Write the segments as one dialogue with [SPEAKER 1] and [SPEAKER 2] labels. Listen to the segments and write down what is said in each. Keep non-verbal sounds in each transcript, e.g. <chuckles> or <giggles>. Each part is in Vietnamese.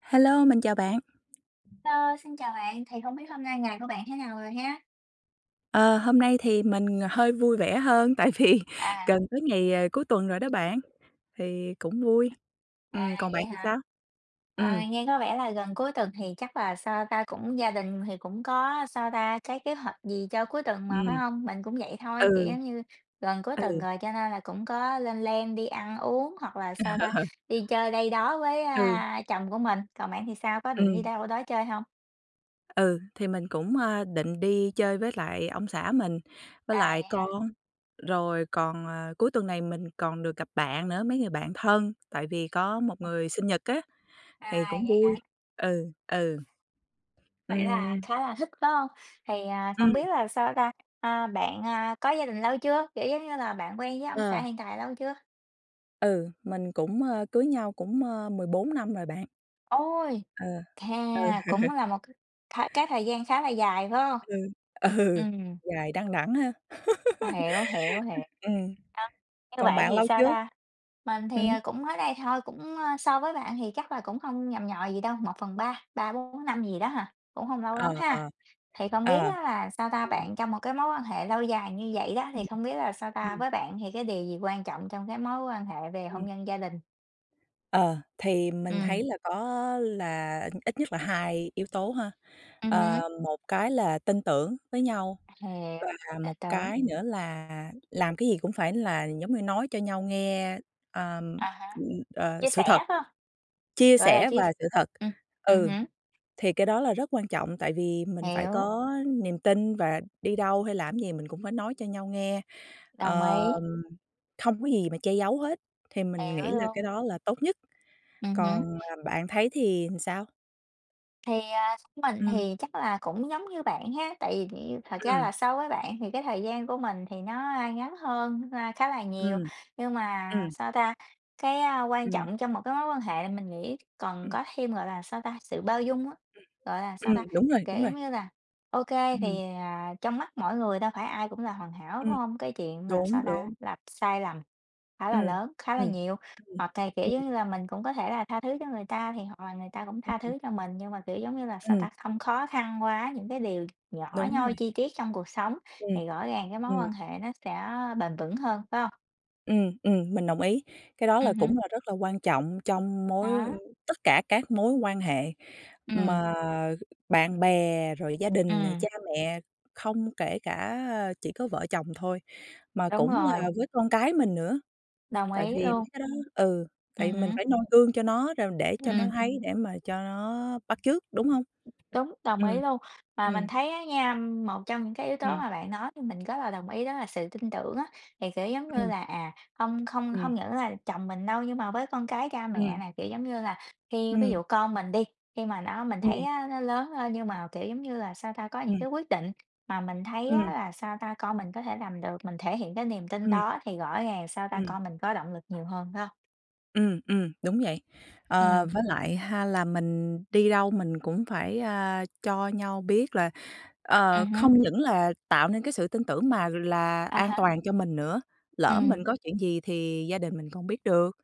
[SPEAKER 1] Hello, mình chào bạn.
[SPEAKER 2] Hello xin chào bạn, thì không biết hôm nay ngày của bạn thế nào rồi ha?
[SPEAKER 1] Ờ, hôm nay thì mình hơi vui vẻ hơn tại vì
[SPEAKER 2] À!
[SPEAKER 1] gần tới ngày cuối tuần rồi đó bạn, thì cũng vui.
[SPEAKER 2] À,
[SPEAKER 1] Ừm, còn
[SPEAKER 2] vậy
[SPEAKER 1] bạn thì
[SPEAKER 2] hả?
[SPEAKER 1] sao? Ừm.
[SPEAKER 2] À, nghe có vẻ là gần cuối tuần thì chắc là sao ta? Cũng gia đình thì cũng có sao ta? Cái kế hoạch gì cho cuối tuần mà,
[SPEAKER 1] Ừm.
[SPEAKER 2] phải hông? Mình cũng vậy thôi, kiểu,
[SPEAKER 1] Ừ.
[SPEAKER 2] giống như gần cuối
[SPEAKER 1] Ừ.
[SPEAKER 2] tuần rồi cho nên là cũng có lên plan đi ăn uống hoặc là sao ta?
[SPEAKER 1] Ờ.
[SPEAKER 2] Đi chơi đây đó với,
[SPEAKER 1] Ừ.
[SPEAKER 2] a, chồng của mình. Còn bạn thì sao, có định đi
[SPEAKER 1] Ừm.
[SPEAKER 2] đâu đó chơi hông?
[SPEAKER 1] Ừ, thì mình cũng, ơ, định đi chơi với lại ông xã mình, với
[SPEAKER 2] À,
[SPEAKER 1] lại
[SPEAKER 2] vậy hả?
[SPEAKER 1] con, rồi còn, ờ, cuối tuần này mình còn được gặp bạn nữa, mấy người bạn thân tại vì có một người sinh nhật á thì
[SPEAKER 2] À,
[SPEAKER 1] cũng
[SPEAKER 2] vậy
[SPEAKER 1] vui.
[SPEAKER 2] hả?
[SPEAKER 1] Ừ, ừ.
[SPEAKER 2] Vậy là
[SPEAKER 1] Ừm.
[SPEAKER 2] khá là thích, phải hông? Thì, à, không
[SPEAKER 1] Ừm.
[SPEAKER 2] biết là sao ta? À, bạn, à, có gia đình lâu chưa? Kiểu, giống như là, bạn quen với ông xã
[SPEAKER 1] Ờ.
[SPEAKER 2] hiện tại lâu chưa?
[SPEAKER 1] Ừ, mình cũng, ờ, cưới nhau cũng, ờ, 14 năm rồi bạn.
[SPEAKER 2] Ôi!
[SPEAKER 1] Ờ,
[SPEAKER 2] Hè,
[SPEAKER 1] ừ.
[SPEAKER 2] cũng là một c thái cái thời gian khá là dài, phải hông?
[SPEAKER 1] Ừ, ừ,
[SPEAKER 2] Ừm.
[SPEAKER 1] dài đăng đẵng ha!
[SPEAKER 2] Hiểu, hiểu, hiểu.
[SPEAKER 1] <laughs> Ừm.
[SPEAKER 2] À, như
[SPEAKER 1] Còn
[SPEAKER 2] vậy
[SPEAKER 1] bạn
[SPEAKER 2] thì
[SPEAKER 1] lâu
[SPEAKER 2] sao
[SPEAKER 1] chưa?
[SPEAKER 2] ta? Mình
[SPEAKER 1] Ừm.
[SPEAKER 2] thì, ờ, cũng mới đây thôi, cũng, ơ, so với bạn thì chắc là cũng không nhằm nhò gì đâu, 1/3 3-4 năm gì đó hà, cũng hông lâu
[SPEAKER 1] Ờ,
[SPEAKER 2] lắm
[SPEAKER 1] ờ,
[SPEAKER 2] ha? Thì không
[SPEAKER 1] ờ,
[SPEAKER 2] biết á là sao ta?
[SPEAKER 1] ừm.
[SPEAKER 2] Bạn trong một cái mối quan hệ lâu dài như vậy đó, thì
[SPEAKER 1] Ừm.
[SPEAKER 2] không biết là sao ta?
[SPEAKER 1] Ừm.
[SPEAKER 2] Với bạn thì cái điều gì quan trọng trong cái mối quan hệ về hôn
[SPEAKER 1] Ừm.
[SPEAKER 2] nhân gia đình?
[SPEAKER 1] Ờ, thì mình
[SPEAKER 2] Ừm.
[SPEAKER 1] thấy là có là ít nhất là 2 yếu tố ha.
[SPEAKER 2] Ừm
[SPEAKER 1] Ờ,
[SPEAKER 2] hứm.
[SPEAKER 1] một cái là tin tưởng với nhau,
[SPEAKER 2] <unintelligible>
[SPEAKER 1] và
[SPEAKER 2] Tin
[SPEAKER 1] một
[SPEAKER 2] tưởng.
[SPEAKER 1] cái nữa là làm cái gì cũng phải là giống như nói cho nhau nghe, ờm,
[SPEAKER 2] À há,
[SPEAKER 1] ờ,
[SPEAKER 2] chia
[SPEAKER 1] sự
[SPEAKER 2] sẻ,
[SPEAKER 1] thật,
[SPEAKER 2] phải hông?
[SPEAKER 1] chia
[SPEAKER 2] Gọi là,
[SPEAKER 1] sẻ
[SPEAKER 2] chia
[SPEAKER 1] và
[SPEAKER 2] s
[SPEAKER 1] sự thật
[SPEAKER 2] ừm, ừm
[SPEAKER 1] ừ,
[SPEAKER 2] hứm.
[SPEAKER 1] thì cái đó là rất quan trọng tại vì mình phải
[SPEAKER 2] Hiểu.
[SPEAKER 1] có niềm tin, và đi đâu hay làm gì mình cũng phải nói cho nhau nghe,
[SPEAKER 2] Đồng
[SPEAKER 1] ờ,
[SPEAKER 2] ý.
[SPEAKER 1] không có gì mà che giấu hết. Thì mình nghĩ
[SPEAKER 2] Hiểu
[SPEAKER 1] là cái
[SPEAKER 2] luôn.
[SPEAKER 1] đó là tốt nhất,
[SPEAKER 2] Ừm hứm.
[SPEAKER 1] còn, ờm, bạn thấy thì làm sao?
[SPEAKER 2] Thì, à, theo mình
[SPEAKER 1] Ừm.
[SPEAKER 2] thì chắc là cũng giống như bạn ha. Tại vì thì thật ra
[SPEAKER 1] Ừm.
[SPEAKER 2] là so với bạn thì cái thời gian của mình thì nó ngắn hơn, a, khá là nhiều,
[SPEAKER 1] Ừm.
[SPEAKER 2] nhưng mà
[SPEAKER 1] Ừm.
[SPEAKER 2] sao ta? Cái quan
[SPEAKER 1] Ừm.
[SPEAKER 2] trọng trong một cái mối quan hệ là mình nghĩ còn
[SPEAKER 1] Ừm.
[SPEAKER 2] có thêm, gọi là, sao ta? Sự bao dung á,
[SPEAKER 1] Ừm.
[SPEAKER 2] gọi là, sao
[SPEAKER 1] Ừm,
[SPEAKER 2] ta?
[SPEAKER 1] đúng rồi,
[SPEAKER 2] Kiểu,
[SPEAKER 1] đúng rồi.
[SPEAKER 2] giống như là, ô kê
[SPEAKER 1] Ừm.
[SPEAKER 2] thì, à, trong mắt mỗi người đâu phải ai cũng là hoàn hảo, đúng
[SPEAKER 1] Ừm,
[SPEAKER 2] hông? Cái chuyện mà
[SPEAKER 1] đúng,
[SPEAKER 2] sao ta?
[SPEAKER 1] đúng.
[SPEAKER 2] Là sai lầm khá là
[SPEAKER 1] Ừm,
[SPEAKER 2] lớn, khá là
[SPEAKER 1] ừm,
[SPEAKER 2] nhiều,
[SPEAKER 1] ừm,
[SPEAKER 2] hoặc cày kiểu, giống
[SPEAKER 1] ừm.
[SPEAKER 2] như là, mình cũng có thể là tha thứ cho người ta thì hoặc là người ta cũng tha
[SPEAKER 1] Ừm.
[SPEAKER 2] thứ cho mình, nhưng mà, kiểu, giống như là sao
[SPEAKER 1] Ừm.
[SPEAKER 2] ta? Không khó khăn quá những cái điều nhỏ
[SPEAKER 1] Đúng
[SPEAKER 2] nhoi,
[SPEAKER 1] rồi.
[SPEAKER 2] chi tiết trong cuộc sống
[SPEAKER 1] Ừm,
[SPEAKER 2] thì rõ ràng cái mối
[SPEAKER 1] ừm.
[SPEAKER 2] quan hệ nó sẽ bền vững hơn, phải hông?
[SPEAKER 1] Ừm, ừm, mình đồng ý, cái đó là
[SPEAKER 2] Ừm hứm.
[SPEAKER 1] cũng là rất là quan trọng trong mối
[SPEAKER 2] Đó.
[SPEAKER 1] tất cả các mối quan hệ
[SPEAKER 2] Ừm.
[SPEAKER 1] mà bạn bè, rồi gia đình nè,
[SPEAKER 2] Ừm.
[SPEAKER 1] cha mẹ không kể cả chỉ có vợ chồng thôi mà
[SPEAKER 2] Đúng
[SPEAKER 1] cũng
[SPEAKER 2] rồi.
[SPEAKER 1] là với con cái mình nữa,
[SPEAKER 2] Đồng
[SPEAKER 1] tại
[SPEAKER 2] ý
[SPEAKER 1] vì mấy
[SPEAKER 2] luôn.
[SPEAKER 1] cái đó ừ, tại
[SPEAKER 2] Ừm
[SPEAKER 1] vì mình
[SPEAKER 2] hứm.
[SPEAKER 1] phải noi gương cho nó rồi để cho nó
[SPEAKER 2] Ừm.
[SPEAKER 1] thấy để mà cho nó bắt chước, đúng hông?
[SPEAKER 2] Đúng, đồng
[SPEAKER 1] Ừm,
[SPEAKER 2] ý luôn, mà mình
[SPEAKER 1] ừm.
[SPEAKER 2] thấy á nha, một trong những cái yếu tố
[SPEAKER 1] Ừm.
[SPEAKER 2] mà bạn nói thì mình rất là đồng ý đó là sự tin tưởng á thì, kiểu giống như
[SPEAKER 1] Ừm.
[SPEAKER 2] là, à, không không
[SPEAKER 1] Ừm.
[SPEAKER 2] hông những là chồng mình đâu nhưng mà với con cái, cha mẹ
[SPEAKER 1] Ừm.
[SPEAKER 2] này, kiểu giống như là, khi ví
[SPEAKER 1] Ừm.
[SPEAKER 2] dụ con mình đi, khi mà nó mình thấy
[SPEAKER 1] Ừm.
[SPEAKER 2] á nó lớn hơn nhưng mà kiểu giống như là, sao ta? Có những
[SPEAKER 1] Ừm.
[SPEAKER 2] cái quyết định mà mình thấy á
[SPEAKER 1] Ừm.
[SPEAKER 2] là sao ta? Con mình có thể làm được, mình thể hiện cái niềm tin
[SPEAKER 1] Ừm.
[SPEAKER 2] đó thì rõ ràng sao ta?
[SPEAKER 1] Ừm.
[SPEAKER 2] Con mình có động lực nhiều hơn, phải hông?
[SPEAKER 1] Ừm, ừm, đúng vậy. Ờ,
[SPEAKER 2] Ừm.
[SPEAKER 1] với lại ha là mình đi đâu mình cũng phải, à, cho nhau biết là ờ,
[SPEAKER 2] Ừm hứm.
[SPEAKER 1] không những là tạo nên cái sự tin tưởng mà là
[SPEAKER 2] À
[SPEAKER 1] an
[SPEAKER 2] há.
[SPEAKER 1] toàn cho mình nữa, lỡ
[SPEAKER 2] Ừm.
[SPEAKER 1] mình có chuyện gì thì gia đình mình không biết được,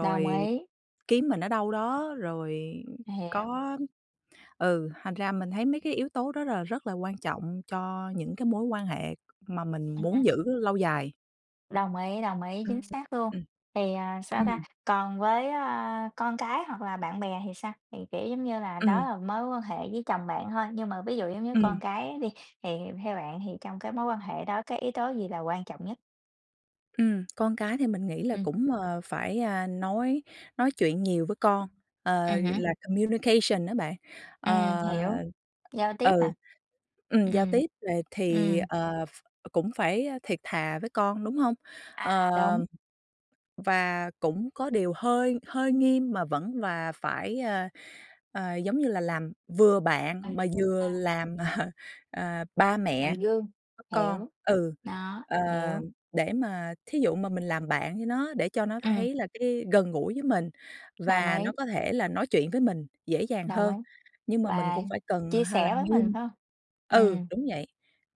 [SPEAKER 2] Đồng ý.
[SPEAKER 1] kiếm mình ở đâu đó, rồi
[SPEAKER 2] Hiểu.
[SPEAKER 1] có ừ, thành ra mình thấy mấy cái yếu tố đó là rất là quan trọng cho những cái mối quan hệ mà
[SPEAKER 2] À
[SPEAKER 1] mình
[SPEAKER 2] há.
[SPEAKER 1] muốn giữ lâu dài.
[SPEAKER 2] Đồng ý, đồng ý, chính
[SPEAKER 1] <unintelligible>
[SPEAKER 2] xác luôn.
[SPEAKER 1] Ừm.
[SPEAKER 2] Thì, à, sao ta?
[SPEAKER 1] Ừm.
[SPEAKER 2] Còn với, a, con cái hoặc là bạn bè thì sao? Thì, kiểu, giống như là, đó
[SPEAKER 1] Ừm.
[SPEAKER 2] là mối quan hệ với chồng bạn thôi, nhưng mà ví dụ, giống như,
[SPEAKER 1] Ừm.
[SPEAKER 2] con cái đi, thì theo bạn thì trong cái mối quan hệ đó cái yếu tố gì là quan trọng nhất?
[SPEAKER 1] Ừm, con cái thì mình nghĩ là
[SPEAKER 2] Ừm.
[SPEAKER 1] cũng, ờ, phải, a, nói nói chuyện nhiều với con, ờ,
[SPEAKER 2] Ừm hứm.
[SPEAKER 1] là communication á bạn.
[SPEAKER 2] Ừm,
[SPEAKER 1] Ờ,
[SPEAKER 2] hiểu. Giao tiếp
[SPEAKER 1] ừ,
[SPEAKER 2] hả?
[SPEAKER 1] ừm, giao
[SPEAKER 2] Ừm.
[SPEAKER 1] tiếp về thì,
[SPEAKER 2] Ừm.
[SPEAKER 1] ờ, ph cũng phải, a, thiệt thà với con, đúng hông? Ờ,
[SPEAKER 2] À, đúng.
[SPEAKER 1] và cũng có điều hơi hơi nghiêm mà vẫn và phải, a, à, giống như là, làm vừa bạn
[SPEAKER 2] Ừm,
[SPEAKER 1] mà
[SPEAKER 2] ờ.
[SPEAKER 1] vừa làm, <laughs> ờ, ba
[SPEAKER 2] Làm
[SPEAKER 1] mẹ
[SPEAKER 2] gương,
[SPEAKER 1] <unintelligible> con.
[SPEAKER 2] hiểu.
[SPEAKER 1] Ừ,
[SPEAKER 2] Đó,
[SPEAKER 1] ờ,
[SPEAKER 2] hiểu.
[SPEAKER 1] để mà thí dụ mà mình làm bạn với nó để cho nó
[SPEAKER 2] Ừm.
[SPEAKER 1] thấy là cái gần gũi với mình
[SPEAKER 2] Đồng
[SPEAKER 1] và nó
[SPEAKER 2] ý.
[SPEAKER 1] có thể là nói chuyện với mình dễ dàng
[SPEAKER 2] Đồng ý.
[SPEAKER 1] hơn, nhưng mà mình
[SPEAKER 2] Và
[SPEAKER 1] cũng phải cần
[SPEAKER 2] chia
[SPEAKER 1] hay là
[SPEAKER 2] sẻ với mình,
[SPEAKER 1] nghiêm.
[SPEAKER 2] phải hông?
[SPEAKER 1] Ừ,
[SPEAKER 2] Ừm.
[SPEAKER 1] đúng vậy,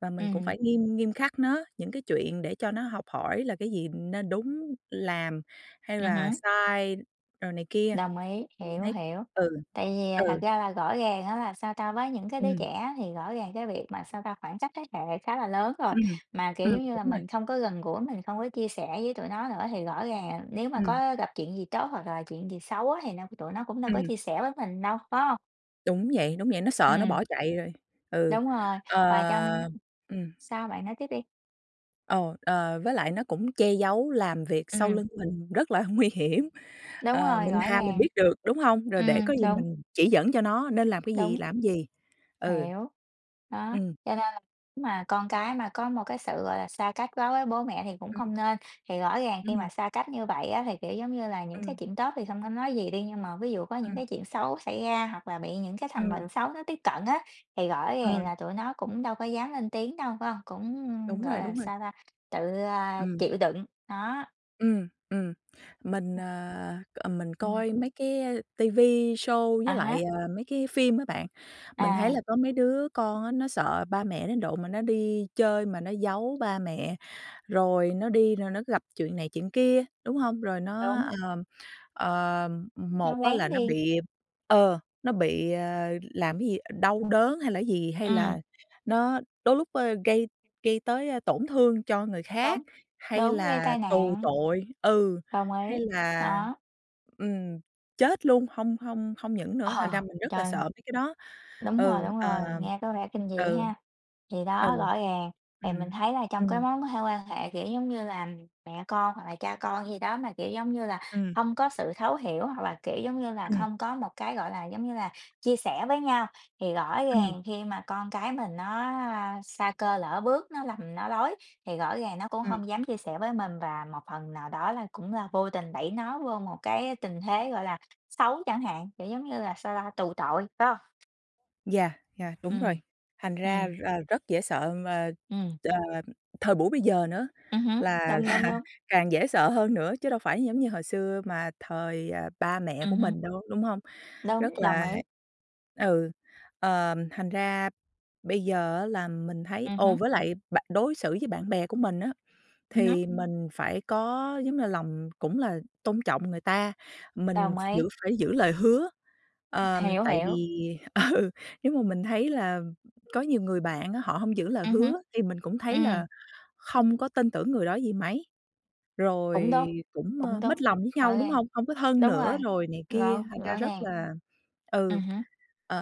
[SPEAKER 1] và mình cũng
[SPEAKER 2] Ừm.
[SPEAKER 1] phải nghiêm nghiêm khắc nó những cái chuyện để cho nó học hỏi là cái gì nên đúng làm hay
[SPEAKER 2] Ừm
[SPEAKER 1] là
[SPEAKER 2] hứm.
[SPEAKER 1] sai rồi này kia.
[SPEAKER 2] Đồng ý,
[SPEAKER 1] Thì mình
[SPEAKER 2] hiểu,
[SPEAKER 1] thấy
[SPEAKER 2] hiểu.
[SPEAKER 1] ừ,
[SPEAKER 2] Tại vì thật
[SPEAKER 1] ừ.
[SPEAKER 2] ra là rõ ràng á, là sao ta? Với những cái đứa
[SPEAKER 1] Ừm.
[SPEAKER 2] trẻ thì rõ ràng cái việc mà, sao ta? Khoảng trách thế hệ khá là lớn rồi,
[SPEAKER 1] Ừm,
[SPEAKER 2] mà, kiểu,
[SPEAKER 1] ừm,
[SPEAKER 2] giống như là,
[SPEAKER 1] đúng rồi.
[SPEAKER 2] mình không có gần gũi, mình không có chia sẻ với tụi nó nữa thì rõ ràng nếu mà
[SPEAKER 1] Ừm.
[SPEAKER 2] có gặp chuyện gì tốt hoặc là chuyện gì xấu á thì nó tụi nó cũng đâu có
[SPEAKER 1] Ừm.
[SPEAKER 2] chia sẻ với mình đâu, phải hông?
[SPEAKER 1] Đúng vậy, đúng vậy, nó sợ nó
[SPEAKER 2] Ừm.
[SPEAKER 1] bỏ chạy rồi. Ừ.
[SPEAKER 2] Đúng rồi, và trong
[SPEAKER 1] Ờ. Ừm.
[SPEAKER 2] sao bạn nói tiếp đi.
[SPEAKER 1] Ờ, ờ, với lại nó cũng che giấu làm việc sau
[SPEAKER 2] Ừm.
[SPEAKER 1] lưng mình rất là nguy hiểm
[SPEAKER 2] Đúng
[SPEAKER 1] ờ,
[SPEAKER 2] rồi,
[SPEAKER 1] mình
[SPEAKER 2] rõ
[SPEAKER 1] thà mình
[SPEAKER 2] ràng.
[SPEAKER 1] biết được, đúng hông? Rồi để
[SPEAKER 2] Ừm,
[SPEAKER 1] có gì
[SPEAKER 2] đúng.
[SPEAKER 1] mình chỉ dẫn cho nó nên làm cái gì,
[SPEAKER 2] Đúng.
[SPEAKER 1] làm gì. Ừ.
[SPEAKER 2] Hiểu. Đó.
[SPEAKER 1] Ừm.
[SPEAKER 2] Cho nên là nếu mà con cái mà có một cái sự, gọi là, xa cách quá với bố mẹ thì cũng
[SPEAKER 1] Ừm.
[SPEAKER 2] không nên, thì rõ ràng khi
[SPEAKER 1] Ừm.
[SPEAKER 2] mà xa cách như vậy á thì, kiểu giống như là, những cái
[SPEAKER 1] Ừm.
[SPEAKER 2] chuyện tốt thì không có nói gì đi, nhưng mà ví dụ có những
[SPEAKER 1] Ừm.
[SPEAKER 2] cái chuyện xấu xảy ra, hoặc là bị những cái thành
[SPEAKER 1] Ừm.
[SPEAKER 2] bệnh xấu nó tiếp cận á, thì rõ ràng
[SPEAKER 1] Ừm.
[SPEAKER 2] là tụi nó cũng đâu có dám lên tiếng đâu, phải hông? Cũng,
[SPEAKER 1] Đúng
[SPEAKER 2] gọi
[SPEAKER 1] rồi,
[SPEAKER 2] là,
[SPEAKER 1] đúng rồi.
[SPEAKER 2] sao ta? Tự, a,
[SPEAKER 1] Ừm.
[SPEAKER 2] chịu đựng. Đó.
[SPEAKER 1] Ừm. Ừm. Mình, à, ờ, mình
[SPEAKER 2] Ừm.
[SPEAKER 1] coi mấy cái, a, ti vi show
[SPEAKER 2] À
[SPEAKER 1] với lại,
[SPEAKER 2] há.
[SPEAKER 1] ờ, mấy cái phim á bạn, mình thấy
[SPEAKER 2] À.
[SPEAKER 1] là có mấy đứa con á nó sợ ba mẹ đến độ mà nó đi chơi mà nó giấu ba mẹ, rồi nó đi rồi nó gặp chuyện này chuyện kia, đúng hông? Rồi nó,
[SPEAKER 2] Đúng.
[SPEAKER 1] ờ, ờ, một
[SPEAKER 2] Nó
[SPEAKER 1] á
[SPEAKER 2] lén
[SPEAKER 1] là nó
[SPEAKER 2] đi.
[SPEAKER 1] bị ờ, nó bị, ơ, làm cái gì đau đớn, hay là cái gì, hay
[SPEAKER 2] Ừm.
[SPEAKER 1] là nó đôi lúc, ơ, gây gây tới, ơ, tổn thương cho người khác,
[SPEAKER 2] Đúng.
[SPEAKER 1] hay
[SPEAKER 2] Đúng, gây
[SPEAKER 1] là
[SPEAKER 2] tai
[SPEAKER 1] tù
[SPEAKER 2] nạn.
[SPEAKER 1] tội ừ,
[SPEAKER 2] Đồng ý.
[SPEAKER 1] hay là,
[SPEAKER 2] Đó.
[SPEAKER 1] ừm, chết luôn, hông hông hông những nữa, thành ra
[SPEAKER 2] <chuckles>
[SPEAKER 1] mình rất là
[SPEAKER 2] Trời!
[SPEAKER 1] sợ mấy cái đó.
[SPEAKER 2] Đúng rồi,
[SPEAKER 1] Ừ,
[SPEAKER 2] đúng rồi,
[SPEAKER 1] ờm.
[SPEAKER 2] nghe có vẻ kinh dị
[SPEAKER 1] Ừ.
[SPEAKER 2] ha. Thì
[SPEAKER 1] Ừ.
[SPEAKER 2] đó, rõ ràng, thì mình
[SPEAKER 1] Ừm.
[SPEAKER 2] thấy là trong cái
[SPEAKER 1] Ừm.
[SPEAKER 2] mối quan quan hệ, kiểu giống như là, mẹ con, hoặc là cha con gì đó mà, kiểu giống như là,
[SPEAKER 1] Ừm.
[SPEAKER 2] hông có sự thấu hiểu, hoặc là, kiểu giống như là,
[SPEAKER 1] Ừm.
[SPEAKER 2] không có một cái, gọi là, giống như là, chia sẻ với nhau, thì rõ
[SPEAKER 1] Ừm.
[SPEAKER 2] ràng khi mà con cái mình nó, a, sa cơ lỡ bước nó lầm nó lối, thì rõ ràng nó cũng
[SPEAKER 1] Ừm.
[SPEAKER 2] hông dám chia sẻ với mình và một phần nào đó là cũng là vô tình đẩy nó vô một cái tình thế, gọi là, xấu chẳng hạn, kiểu giống như là sao ta? Tù tội, phải hông?
[SPEAKER 1] Yeah, yeah, đúng rồi.
[SPEAKER 2] Ừm,
[SPEAKER 1] Thành ra,
[SPEAKER 2] ừm.
[SPEAKER 1] ờ, rất dễ sợ mà,
[SPEAKER 2] Ừm.
[SPEAKER 1] ờ, thời buổi bây giờ nữa
[SPEAKER 2] Ừm hứm,
[SPEAKER 1] là
[SPEAKER 2] đúng, đúng,
[SPEAKER 1] là
[SPEAKER 2] đúng.
[SPEAKER 1] càng dễ sợ hơn nữa, chứ đâu phải giống
[SPEAKER 2] Ừm.
[SPEAKER 1] như hồi xưa mà thời, ờ, ba mẹ
[SPEAKER 2] Ừm
[SPEAKER 1] của
[SPEAKER 2] hứm.
[SPEAKER 1] mình đâu, đúng hông? Rất
[SPEAKER 2] Đúng, đồng
[SPEAKER 1] là
[SPEAKER 2] ý.
[SPEAKER 1] ừ, ờ, thành ra bây giờ á là mình thấy
[SPEAKER 2] Ừm
[SPEAKER 1] ồ,
[SPEAKER 2] hứm.
[SPEAKER 1] với lại bạ đối xử với bạn bè của mình á,
[SPEAKER 2] Ừm hứm.
[SPEAKER 1] thì mình phải có, giống như, lòng cũng là tôn trọng người ta, mình
[SPEAKER 2] Đồng ý.
[SPEAKER 1] giữ phải giữ lời hứa. Ờ,
[SPEAKER 2] Hiểu,
[SPEAKER 1] tại
[SPEAKER 2] hiểu.
[SPEAKER 1] vì ừ, giống mà mình thấy là có nhiều người bạn á, họ hông giữ lời
[SPEAKER 2] Ừm hứm,
[SPEAKER 1] hứa thì mình cũng thấy
[SPEAKER 2] ừm.
[SPEAKER 1] là không có tin tưởng người đó gì mấy, rồi
[SPEAKER 2] Cũng đúng,
[SPEAKER 1] cũng,
[SPEAKER 2] cũng
[SPEAKER 1] ờ,
[SPEAKER 2] đúng,
[SPEAKER 1] mích lòng với nhau,
[SPEAKER 2] rõ
[SPEAKER 1] đúng
[SPEAKER 2] ràng,
[SPEAKER 1] hông? Hông có thân
[SPEAKER 2] đúng rồi,
[SPEAKER 1] nữa rồi này kia,
[SPEAKER 2] rõ
[SPEAKER 1] thành ra
[SPEAKER 2] rõ
[SPEAKER 1] rất
[SPEAKER 2] ràng.
[SPEAKER 1] là ừ,
[SPEAKER 2] Ừm hứm,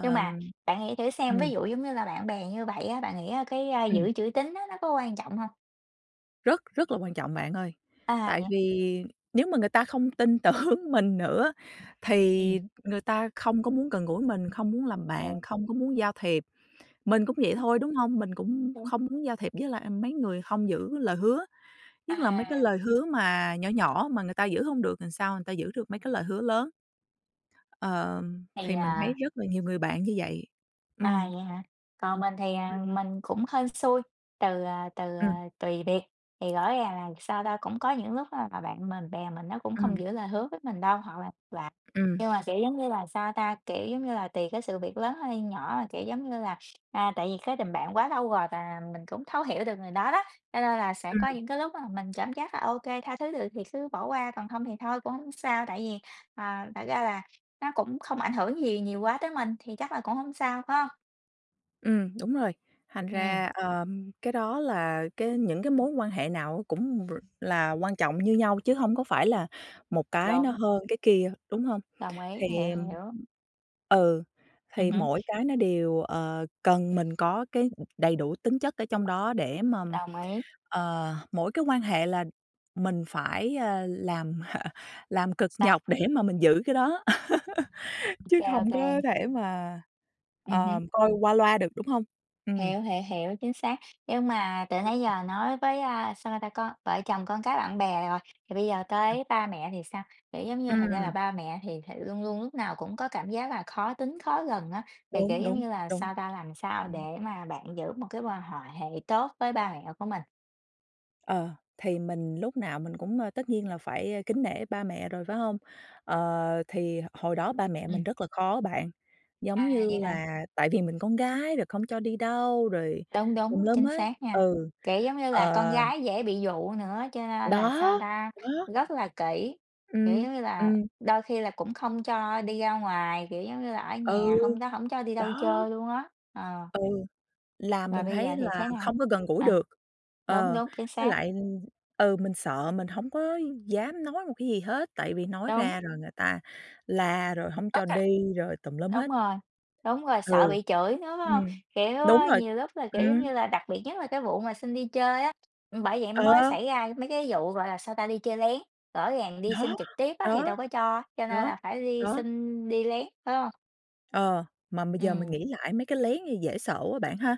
[SPEAKER 2] nhưng mà bạn nghĩ thử xem, ví
[SPEAKER 1] ừm.
[SPEAKER 2] dụ giống như là bạn bè như vậy á, bạn nghĩ á cái, à,
[SPEAKER 1] Ừm.
[SPEAKER 2] giữ chữ tín á, nó có quan trọng hông?
[SPEAKER 1] Rất rất là quan trọng bạn ơi,
[SPEAKER 2] À,
[SPEAKER 1] tại
[SPEAKER 2] vậy
[SPEAKER 1] vì nếu mà người ta không tin tưởng mình nữa
[SPEAKER 2] Ừm.
[SPEAKER 1] thì người ta không có muốn gần gũi mình, không muốn làm
[SPEAKER 2] Ờ.
[SPEAKER 1] bạn, không có muốn giao thiệp. Mình cũng vậy thôi, đúng hông? Mình cũng
[SPEAKER 2] Đúng.
[SPEAKER 1] không muốn giao thiệp với lại mấy người hông giữ lời hứa, nhất là mấy cái
[SPEAKER 2] À.
[SPEAKER 1] lời hứa mà nhỏ nhỏ mà người ta giữ hông được làm sao người ta giữ được mấy cái lời hứa lớn. Ờ,
[SPEAKER 2] Thì,
[SPEAKER 1] thì mình thấy
[SPEAKER 2] à
[SPEAKER 1] rất là nhiều người bạn như vậy.
[SPEAKER 2] À,
[SPEAKER 1] Ừm.
[SPEAKER 2] vậy hả? Còn mình thì,
[SPEAKER 1] Ừm.
[SPEAKER 2] à, mình cũng hên xui, từ, à, từ,
[SPEAKER 1] Ừm.
[SPEAKER 2] à, tùy việc. Thì rõ ràng là sao ta? Cũng có những lúc á là bạn mình bè mình nó cũng không
[SPEAKER 1] Ừm.
[SPEAKER 2] giữ lời hứa với mình đâu hoặc là là
[SPEAKER 1] Ừm.
[SPEAKER 2] nhưng mà, kiểu, giống như là sao ta? Kiểu, giống như là, tùy cái sự việc lớn hay nhỏ mà, kiểu, giống như là, à, tại vì cái tình bạn quá lâu rồi và mình cũng thấu hiểu được người đó đó, cho nên là sẽ có
[SPEAKER 1] Ừm.
[SPEAKER 2] những cái lúc mà mình cảm giác là OK, tha thứ được thì cứ bỏ qua, còn không thì thôi cũng hổng sao. Tại vì, ờ, thật ra là nó cũng không ảnh hưởng gì nhiều quá tới mình thì chắc là cũng hông sao, phải hông?
[SPEAKER 1] Ừm, đúng rồi, thành
[SPEAKER 2] Ừm.
[SPEAKER 1] ra, ờm, cái đó là cái những cái mối quan hệ nào á cũng r là quan trọng như nhau chứ hông có phải là một cái nó
[SPEAKER 2] Đúng.
[SPEAKER 1] hơn cái kia, đúng hông?
[SPEAKER 2] Đồng ý, hiểu,
[SPEAKER 1] Thì, ừm
[SPEAKER 2] hiểu.
[SPEAKER 1] ừ,
[SPEAKER 2] Ừm
[SPEAKER 1] thì
[SPEAKER 2] hứm.
[SPEAKER 1] mỗi cái nó đều, ờ, cần mình có cái, ừm, đầy đủ tính chất ở trong đó để mà,
[SPEAKER 2] Đồng ý.
[SPEAKER 1] ờ, mỗi cái quan hệ là mình phải, à, làm <chuckles> làm cực
[SPEAKER 2] Sao?
[SPEAKER 1] nhọc để mà mình giữ cái đó, <laughs> chứ
[SPEAKER 2] OK,
[SPEAKER 1] không có
[SPEAKER 2] OK.
[SPEAKER 1] thể mà,
[SPEAKER 2] Ừm hưm.
[SPEAKER 1] ờ, coi qua loa được, đúng hông? Ừm.
[SPEAKER 2] Hiểu, hiểu, hiểu, chính xác. Nhưng mà từ nãy giờ nói với, à, sao ta? Con vợ chồng, con cái, bạn bè rồi, thì bây giờ
[SPEAKER 1] Ừm.
[SPEAKER 2] tới ba mẹ thì sao? Kiểu, giống như, thật ra là
[SPEAKER 1] Ừm.
[SPEAKER 2] ba mẹ thì th luôn luôn lúc nào cũng có cảm giác là khó tính khó gần á, thì, kiểu,
[SPEAKER 1] Đúng,
[SPEAKER 2] giống
[SPEAKER 1] đúng,
[SPEAKER 2] như là
[SPEAKER 1] đúng.
[SPEAKER 2] sao ta? Làm sao để
[SPEAKER 1] Ừm.
[SPEAKER 2] mà bạn giữ một cái quan hòa hệ tốt với ba mẹ của mình?
[SPEAKER 1] Ờ, thì mình lúc nào mình cũng, ờ, tất nhiên là phải, a, kính nể ba mẹ rồi, phải hông? Ờ, thì h hồi đó ba mẹ mình
[SPEAKER 2] Ừm.
[SPEAKER 1] rất là khó bạn, giống
[SPEAKER 2] À.
[SPEAKER 1] như
[SPEAKER 2] Vậy hả?
[SPEAKER 1] là tại vì mình con gái rồi không cho đi đâu rồi
[SPEAKER 2] Đúng,
[SPEAKER 1] tùm
[SPEAKER 2] đúng,
[SPEAKER 1] lum
[SPEAKER 2] chính
[SPEAKER 1] hết.
[SPEAKER 2] xác nha.
[SPEAKER 1] Ừ,
[SPEAKER 2] Kiểu, giống như là con
[SPEAKER 1] ờ
[SPEAKER 2] gái dễ bị dụ nữa, cho nên là sao
[SPEAKER 1] Đó!
[SPEAKER 2] ta?
[SPEAKER 1] Đó.
[SPEAKER 2] Rất là kĩ, kiểu,
[SPEAKER 1] Ừm,
[SPEAKER 2] giống như là,
[SPEAKER 1] ừm.
[SPEAKER 2] đôi khi là cũng không cho đi ra ngoài, kiểu, giống như là, ở
[SPEAKER 1] Ừ,
[SPEAKER 2] nhà hông đó, hổng cho đi đâu
[SPEAKER 1] đó!
[SPEAKER 2] chơi luôn á, ờ.
[SPEAKER 1] Ừ, là
[SPEAKER 2] Mà
[SPEAKER 1] mình
[SPEAKER 2] bây giờ
[SPEAKER 1] thấy
[SPEAKER 2] thì
[SPEAKER 1] là
[SPEAKER 2] thế nào?
[SPEAKER 1] không có gần gũi
[SPEAKER 2] À,
[SPEAKER 1] được.
[SPEAKER 2] đúng,
[SPEAKER 1] Ờ,
[SPEAKER 2] đúng, chính
[SPEAKER 1] với
[SPEAKER 2] xác.
[SPEAKER 1] lại, ừm, ừ, mình sợ mình hổng có dám nói một cái gì hết, tại vì nói
[SPEAKER 2] Đúng.
[SPEAKER 1] ra rồi người ta la rồi hổng cho
[SPEAKER 2] Okay,
[SPEAKER 1] đi rồi tùm lum hết.
[SPEAKER 2] đúng rồi, đúng rồi, sợ
[SPEAKER 1] Ừ,
[SPEAKER 2] bị chửi nữa, phải hông?
[SPEAKER 1] ừm.
[SPEAKER 2] Kiểu,
[SPEAKER 1] Đúng
[SPEAKER 2] ờ,
[SPEAKER 1] rồi,
[SPEAKER 2] nhiều lúc là, kiểu, giống
[SPEAKER 1] ừm.
[SPEAKER 2] như là, đặc biệt nhất là cái vụ mà xin đi chơi á, bởi vậy mới
[SPEAKER 1] Ờ!
[SPEAKER 2] xảy ra mấy cái vụ, gọi là sao ta? Đi chơi lén, rõ ràng đi xin
[SPEAKER 1] Đó,
[SPEAKER 2] trực tiếp á thì
[SPEAKER 1] đó,
[SPEAKER 2] đâu có cho, cho nên
[SPEAKER 1] đó,
[SPEAKER 2] là phải đi
[SPEAKER 1] đó.
[SPEAKER 2] xin đi lén, phải hông?
[SPEAKER 1] Ờ, mà bây giờ mình
[SPEAKER 2] Ừm.
[SPEAKER 1] nghĩ lại mấy cái lén này dễ sợ quá bạn ha?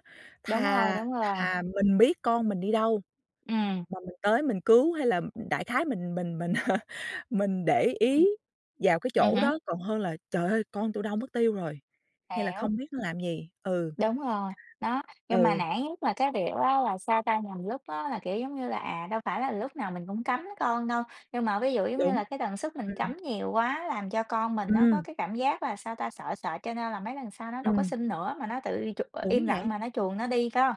[SPEAKER 2] Đúng rồi,
[SPEAKER 1] Thà
[SPEAKER 2] đúng rồi.
[SPEAKER 1] thà mình biết con mình đi đâu
[SPEAKER 2] Ừm.
[SPEAKER 1] mà mình tới mình cứu hay là m đại khái mình mình mình <laughs> mình để
[SPEAKER 2] Ừm.
[SPEAKER 1] ý vào cái
[SPEAKER 2] Ừm
[SPEAKER 1] chỗ
[SPEAKER 2] hứm.
[SPEAKER 1] đó, còn hơn là trời ơi, con tôi đâu mất tiêu rồi, hay là
[SPEAKER 2] Hiểu.
[SPEAKER 1] không biết nó làm gì, ừ.
[SPEAKER 2] Đúng rồi, đó, nhưng mà
[SPEAKER 1] Ừ.
[SPEAKER 2] nản nhất là cái việc á, là sao ta? Nhằm lúc á là, kiểu, giống như là, à, đâu phải là lúc nào mình cũng cấm con đâu. Nhưng mà ví dụ, giống như
[SPEAKER 1] Đúng,
[SPEAKER 2] là, cái tần suất mình
[SPEAKER 1] ừm.
[SPEAKER 2] cấm nhiều quá, làm cho con mình nó có
[SPEAKER 1] Ừm.
[SPEAKER 2] cái cảm giác là sao ta? Sợ sợ, cho nên là mấy lần sau nó đâu có
[SPEAKER 1] Ừm.
[SPEAKER 2] xin nữa, mà nó tự đi chụp ờ,
[SPEAKER 1] Đúng
[SPEAKER 2] im lặng
[SPEAKER 1] vậy.
[SPEAKER 2] mà nó chuồn nó đi có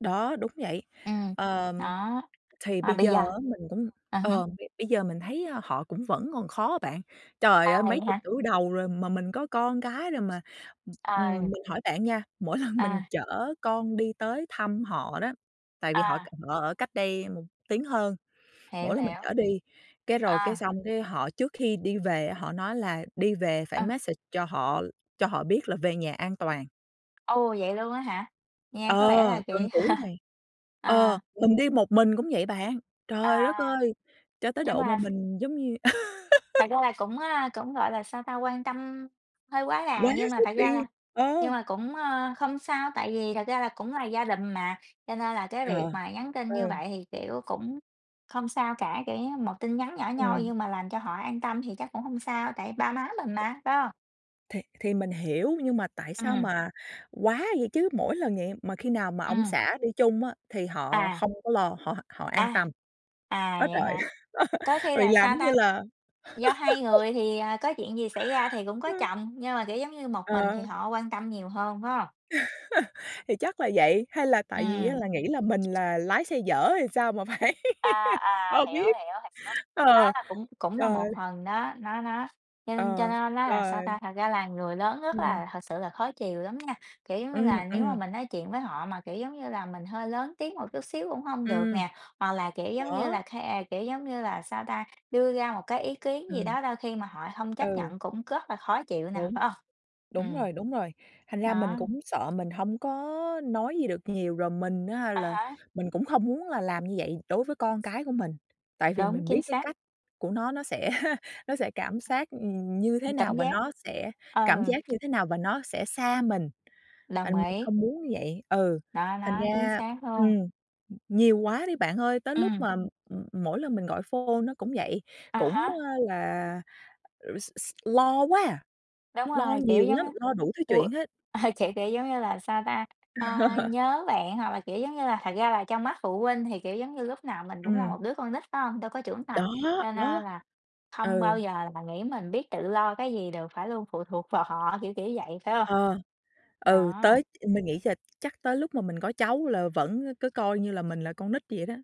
[SPEAKER 1] Đó, đúng vậy.
[SPEAKER 2] Ừm,
[SPEAKER 1] Ờm,
[SPEAKER 2] đó,
[SPEAKER 1] thì
[SPEAKER 2] mà
[SPEAKER 1] bây
[SPEAKER 2] bây
[SPEAKER 1] giờ
[SPEAKER 2] giờ
[SPEAKER 1] á, mình cũng,
[SPEAKER 2] ừm hứm.
[SPEAKER 1] ờ, b bây giờ mình thấy, a, họ cũng vẫn còn khó á bạn. Trời
[SPEAKER 2] À,
[SPEAKER 1] ơi,
[SPEAKER 2] vậy
[SPEAKER 1] mấy chục
[SPEAKER 2] hả?
[SPEAKER 1] tuổi đầu rồi mà mình có con cái rồi, mà, ừm, ừm,
[SPEAKER 2] À.
[SPEAKER 1] mình hỏi bạn nha, mỗi lần mình
[SPEAKER 2] À.
[SPEAKER 1] chở con đi tới thăm họ đó, tại vì họ c
[SPEAKER 2] À.
[SPEAKER 1] họ ở cách đây một tiếng hơn,
[SPEAKER 2] Hiểu,
[SPEAKER 1] mỗi lần mình
[SPEAKER 2] hiểu.
[SPEAKER 1] chở đi cái rồi cái
[SPEAKER 2] À.
[SPEAKER 1] xong cái họ trước khi đi về á, họ nói là đi về phải
[SPEAKER 2] À.
[SPEAKER 1] message cho họ cho họ biết là về nhà an toàn.
[SPEAKER 2] Ồ, vậy luôn á hả? Nghe có
[SPEAKER 1] Ờ,
[SPEAKER 2] vẻ là
[SPEAKER 1] từng
[SPEAKER 2] kĩ
[SPEAKER 1] tuổi
[SPEAKER 2] <laughs>
[SPEAKER 1] này, ờ,
[SPEAKER 2] à.
[SPEAKER 1] mình đi một mình cũng vậy bạn.
[SPEAKER 2] À,
[SPEAKER 1] Trời đất
[SPEAKER 2] à.
[SPEAKER 1] ơi, cho tới
[SPEAKER 2] Nhưng
[SPEAKER 1] độ mà
[SPEAKER 2] mà
[SPEAKER 1] mình giống như
[SPEAKER 2] Thật
[SPEAKER 1] <laughs>
[SPEAKER 2] ra là cũng, à, cũng, gọi là, sao ta? Quan tâm hơi quá đà,
[SPEAKER 1] Quá
[SPEAKER 2] nhưng mà
[SPEAKER 1] sức
[SPEAKER 2] thật ra là
[SPEAKER 1] đi,
[SPEAKER 2] nhưng
[SPEAKER 1] ờ.
[SPEAKER 2] mà cũng, ờ, không sao, tại vì thật ra là cũng là gia đình mà. Cho nên là cái việc
[SPEAKER 1] Ờ,
[SPEAKER 2] mà nhắn tin như
[SPEAKER 1] ừ.
[SPEAKER 2] vậy thì, kiểu, cũng không sao cả, kiểu, như một tin nhắn nhỏ nhoi,
[SPEAKER 1] Ừm.
[SPEAKER 2] nhưng mà làm cho họ an tâm thì chắc cũng hông sao, tại ba má mình mà, phải hông?
[SPEAKER 1] Thì thì mình hiểu, nhưng mà tại sao
[SPEAKER 2] Ừm.
[SPEAKER 1] mà quá vậy chứ, mỗi lần vậy mà khi nào mà ông
[SPEAKER 2] Ừm.
[SPEAKER 1] xã đi chung á thì họ
[SPEAKER 2] À.
[SPEAKER 1] không có lo, họ họ an
[SPEAKER 2] À,
[SPEAKER 1] tâm.
[SPEAKER 2] à,
[SPEAKER 1] Á
[SPEAKER 2] vậy
[SPEAKER 1] trời!
[SPEAKER 2] hả?
[SPEAKER 1] <laughs>
[SPEAKER 2] Có khi
[SPEAKER 1] Rồi
[SPEAKER 2] là
[SPEAKER 1] làm
[SPEAKER 2] sao
[SPEAKER 1] giống như
[SPEAKER 2] ta?
[SPEAKER 1] là
[SPEAKER 2] Do hai
[SPEAKER 1] <laughs>
[SPEAKER 2] người thì, ờ, có chuyện gì xảy ra thì cũng có
[SPEAKER 1] Ờ.
[SPEAKER 2] chồng, nhưng mà, kiểu, giống như một mình thì
[SPEAKER 1] Ờ.
[SPEAKER 2] họ quan tâm nhiều hơn, phải hông?
[SPEAKER 1] <laughs> Thì chắc là vậy, hay là tại vì á
[SPEAKER 2] Ừm.
[SPEAKER 1] là nghĩ là mình là lái xe dở hay là sao mà phải
[SPEAKER 2] À,
[SPEAKER 1] <laughs>
[SPEAKER 2] à,
[SPEAKER 1] ờ,
[SPEAKER 2] hiểu,
[SPEAKER 1] biết.
[SPEAKER 2] hiểu, <unintelligible> Đó
[SPEAKER 1] Ờ,
[SPEAKER 2] là cũng cũng là
[SPEAKER 1] trời!
[SPEAKER 2] một phần đó, nó nó nhưng cho
[SPEAKER 1] Ờ,
[SPEAKER 2] nên nói là sao ta?
[SPEAKER 1] rồi.
[SPEAKER 2] Thật ra là người lớn rất
[SPEAKER 1] Ừm.
[SPEAKER 2] là thực sự là khó chiều lắm nha, kiểu, giống như
[SPEAKER 1] Ừm,
[SPEAKER 2] là, nếu mà
[SPEAKER 1] ừm.
[SPEAKER 2] mình nói chuyện với họ mà, kiểu, giống như là, mình hơi lớn tiếng một chút xíu cũng hông được
[SPEAKER 1] Ừm.
[SPEAKER 2] nè, hoặc là, kiểu, giống như
[SPEAKER 1] Đó.
[SPEAKER 2] là ke kiểu, giống như là sao ta? Đưa ra một cái ý kiến gì
[SPEAKER 1] Ừm.
[SPEAKER 2] đó đôi khi mà họ hông chấp
[SPEAKER 1] Ừ.
[SPEAKER 2] nhận cũng rất là khó chịu nè,
[SPEAKER 1] Đúng,
[SPEAKER 2] phải hông?
[SPEAKER 1] đúng
[SPEAKER 2] Ừm.
[SPEAKER 1] rồi, đúng rồi. Thành ra mình
[SPEAKER 2] Đó.
[SPEAKER 1] cũng sợ mình hông có nói gì được nhiều rồi mình á
[SPEAKER 2] À
[SPEAKER 1] là
[SPEAKER 2] há.
[SPEAKER 1] mình cũng hông muốn là làm như vậy đối với con cái của mình. Tại vì
[SPEAKER 2] Đúng,
[SPEAKER 1] mình biết
[SPEAKER 2] chính
[SPEAKER 1] cái
[SPEAKER 2] xác.
[SPEAKER 1] cách của nó, nó sẽ nó sẽ cảm xác như thế
[SPEAKER 2] Ừm,
[SPEAKER 1] nào
[SPEAKER 2] cảm
[SPEAKER 1] và
[SPEAKER 2] giác,
[SPEAKER 1] nó sẽ cảm
[SPEAKER 2] ờ.
[SPEAKER 1] giác như thế nào và nó sẽ xa mình,
[SPEAKER 2] Đồng
[SPEAKER 1] thành mình
[SPEAKER 2] ý.
[SPEAKER 1] không muốn như vậy. Ừ,
[SPEAKER 2] Đó,
[SPEAKER 1] thành
[SPEAKER 2] đó, chính
[SPEAKER 1] ra
[SPEAKER 2] xác luôn.
[SPEAKER 1] ừm, nhiều quá đi bạn ơi, tới lúc
[SPEAKER 2] Ừm.
[SPEAKER 1] mà, ừm, mỗi lần mình gọi phone cũng vậy,
[SPEAKER 2] À
[SPEAKER 1] cũng,
[SPEAKER 2] há.
[SPEAKER 1] a, là r s s lo quá,
[SPEAKER 2] Đúng
[SPEAKER 1] lo
[SPEAKER 2] rồi, kiểu
[SPEAKER 1] nhiều
[SPEAKER 2] giống
[SPEAKER 1] lắm,
[SPEAKER 2] như,
[SPEAKER 1] lo đủ thứ
[SPEAKER 2] u
[SPEAKER 1] chuyện hết.
[SPEAKER 2] <chuckles> kiểu, kiểu giống như là, sao ta? Ờ,
[SPEAKER 1] <laughs>
[SPEAKER 2] nhớ bạn hoặc là, kiểu, giống như là thật ra là trong mắt phụ huynh thì, kiểu, giống như lúc nào mình cũng là
[SPEAKER 1] Ừm.
[SPEAKER 2] một đứa con nít, phải hông? Đâu có trưởng
[SPEAKER 1] Đó,
[SPEAKER 2] thành, cho nên
[SPEAKER 1] đó,
[SPEAKER 2] là hông bao
[SPEAKER 1] ừ.
[SPEAKER 2] giờ mà nghĩ mình biết tự lo cái gì được phải luôn phụ thuộc vào họ, kiểu, kiểu, vậy, phải hông?
[SPEAKER 1] Ờ, ừ,
[SPEAKER 2] Đó.
[SPEAKER 1] tới mình nghĩ giờ chắc tới lúc mà mình có cháu là vẫn cứ coi như là mình là con nít như vậy đó.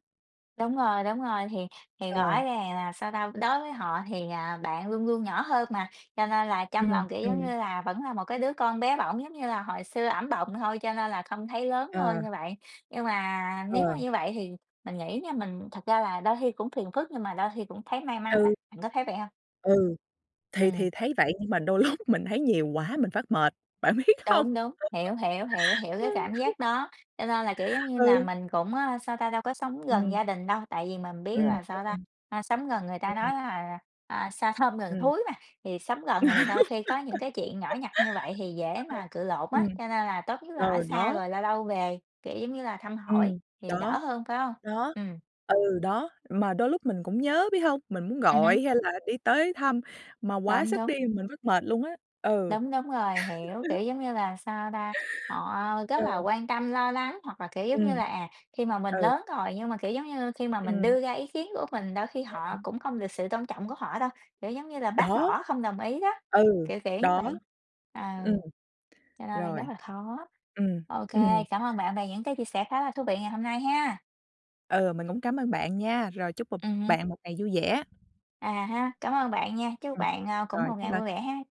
[SPEAKER 2] Đúng rồi, đúng rồi, thì thì rõ
[SPEAKER 1] Ờ.
[SPEAKER 2] ràng là, sao ta? Đối với họ thì, à, bạn luôn luôn nhỏ hơn mà, cho nên là trong
[SPEAKER 1] Ừm,
[SPEAKER 2] lòng, kiểu, giống
[SPEAKER 1] ừm.
[SPEAKER 2] như là, vẫn là một cái đứa con bé bỏng giống như là hồi xưa ẵm bồng thôi cho nên là không thấy lớn
[SPEAKER 1] Ờ.
[SPEAKER 2] hơn như vậy. Nhưng mà nếu mà
[SPEAKER 1] Ờ.
[SPEAKER 2] như vậy thì mình nghĩ nha mình thật ra là đôi khi cũng phiền phức nhưng mà đôi khi cũng thấy may mắn á,
[SPEAKER 1] Ừ.
[SPEAKER 2] bạn có thấy vậy hông?
[SPEAKER 1] Ừ. Thì
[SPEAKER 2] Ừm.
[SPEAKER 1] thì thấy vậy, nhưng mà đôi lúc mình thấy nhiều quá mình phát mệt, bạn biết hông?
[SPEAKER 2] Đúng, đúng, hiểu, hiểu, hiểu, hiểu cái cảm
[SPEAKER 1] <giggles>
[SPEAKER 2] giác đó, cho nên là, kiểu giống như là,
[SPEAKER 1] Ừ.
[SPEAKER 2] mình cũng, ơ, sao ta? Đâu có sống gần
[SPEAKER 1] Ừm.
[SPEAKER 2] gia đình đâu, tại vì mình biết
[SPEAKER 1] Ừm,
[SPEAKER 2] là sao ta?
[SPEAKER 1] ừm.
[SPEAKER 2] A, sống gần người ta
[SPEAKER 1] Ừm.
[SPEAKER 2] nói là, à, "xa thơm gần
[SPEAKER 1] Ừm.
[SPEAKER 2] thúi" mà, thì sống gần thì đôi khi có những cái chuyện nhỏ nhặt như vậy thì dễ mà cự
[SPEAKER 1] <giggles> Đúng rồi.
[SPEAKER 2] lộn á,
[SPEAKER 1] Ừm.
[SPEAKER 2] cho nên là tốt nhất là ở
[SPEAKER 1] Rồi,
[SPEAKER 2] xa
[SPEAKER 1] đó.
[SPEAKER 2] rồi lâu lâu về, kiểu giống như là, thăm hỏi
[SPEAKER 1] Ừm.
[SPEAKER 2] thì đỡ
[SPEAKER 1] Đó.
[SPEAKER 2] hơn phải hông?
[SPEAKER 1] Đó.
[SPEAKER 2] Ừm.
[SPEAKER 1] Ừ, đó, mà đôi lúc mình cũng nhớ, biết hông? Mình muốn
[SPEAKER 2] Ừm hứm.
[SPEAKER 1] gọi, hay là đi tới thăm mà quá
[SPEAKER 2] Đúng,
[SPEAKER 1] sức
[SPEAKER 2] đúng.
[SPEAKER 1] đi mình mắc mệt luôn á. Ừ.
[SPEAKER 2] Đúng, đúng rồi, hiểu,
[SPEAKER 1] <laughs>
[SPEAKER 2] kiểu giống như là, sao ta? Họ, ơ, rất là
[SPEAKER 1] Ừ.
[SPEAKER 2] quan tâm lo lắng, hoặc là, kiểu giống như là,
[SPEAKER 1] Ừm.
[SPEAKER 2] à, khi mà mình
[SPEAKER 1] Ừ.
[SPEAKER 2] lớn rồi, nhưng mà, kiểu giống như, khi mà mình
[SPEAKER 1] Ừm.
[SPEAKER 2] đưa ra ý kiến của mình đôi khi
[SPEAKER 1] Sao
[SPEAKER 2] họ
[SPEAKER 1] bạn?
[SPEAKER 2] cũng không được sự tôn trọng của họ đâu, kiểu giống như là, bác
[SPEAKER 1] Đó.
[SPEAKER 2] bỏ không đồng ý đó,
[SPEAKER 1] Ừ.
[SPEAKER 2] kiểu, kiểu như
[SPEAKER 1] Đó.
[SPEAKER 2] vậy. Ờ.
[SPEAKER 1] Ừm.
[SPEAKER 2] Cho nên là rất
[SPEAKER 1] Rồi.
[SPEAKER 2] là khó.
[SPEAKER 1] Ừm.
[SPEAKER 2] OK,
[SPEAKER 1] Ừm.
[SPEAKER 2] cảm ơn bạn về những cái chia sẻ khá là thú vị ngày hôm nay ha!
[SPEAKER 1] Ừ, mình cũng cám ơn bạn nha, rồi chúc bụp
[SPEAKER 2] Ừm hứm.
[SPEAKER 1] bạn một ngày vui vẻ!
[SPEAKER 2] À há! Cảm ơn bạn nha, chúc
[SPEAKER 1] Ừm.
[SPEAKER 2] bạn, ơ, cũng
[SPEAKER 1] Rồi,
[SPEAKER 2] một
[SPEAKER 1] bye
[SPEAKER 2] ngày
[SPEAKER 1] bye.
[SPEAKER 2] vui vẻ ha!